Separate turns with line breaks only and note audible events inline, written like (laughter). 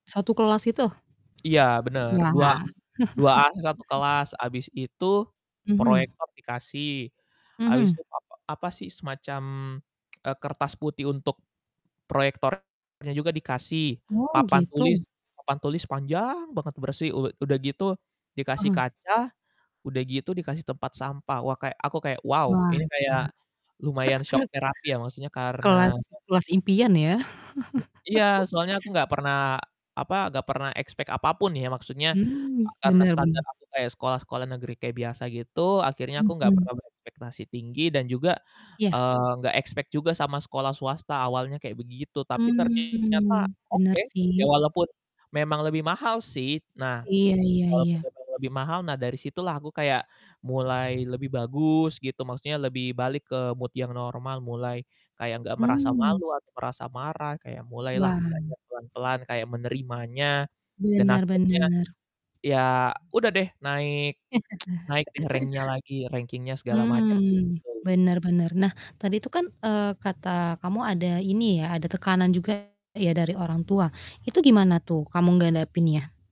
Satu kelas itu?
Iya bener
Wah.
dua duaan sa satu
(chuckles)
kelas, habis itu
Mhm.
proyektor dikasih. Habis
Mhm.
itu papa apa sih semacam, eee, kertas putih untuk proyektornya juga dikasih
Oh
papan tulis
gitu.
papan tulis panjang banget bersih. U udah gitu dikasih
Heeh.
kaca, udah gitu dikasih tempat sampah, wah kayak aku kayak wow
Wah
ini kayak lumayan
Kak.
shock
(chuckles)
therapy ya, maksudnya karena
Kelas kelas impian ya?
Hmm, iya
(chuckles)
soalnya aku nggak pernah apa, nggak pernah expect apapun ya, maksudnya a
Mhm,
karena
bener
standar
bener.
aku kayak sekolah-sekolah negeri kayak biasa gitu, akhirnya aku nggak
Mhm.
pernah berekspektasi tinggi dan juga,
Ya.
eee, nggak expect juga sama sekolah swasta awalnya kayak begitu, tapi ternyata
Hmm bener
oke, ya
sih.
walaupun memang lebih mahal sih. Nah
Iya iya
walaupun
iya.
memang lebih mahal, nah dari situlah aku kayak mulai lebih bagus gitu, maksudnya lebih balik ke mood yang normal, mulai kayak nggak merasa
Hmm.
malu atau merasa marah kayak mulailah
Wah.
belajar pelan-pelan kayak menerimanya dan
Bener
akhirnya
bener.
ya udah deh naik, (tsk) naik deh rank-nya lagi,
(laughs)
ranking-nya segala macam
Mmm,
gitu.
bener bener, nah tadi tuh kan, eee, kata kamu ada ini ya, ada tekanan juga ya, dari orang tua itu gimana tuh kamu ngadepinnya.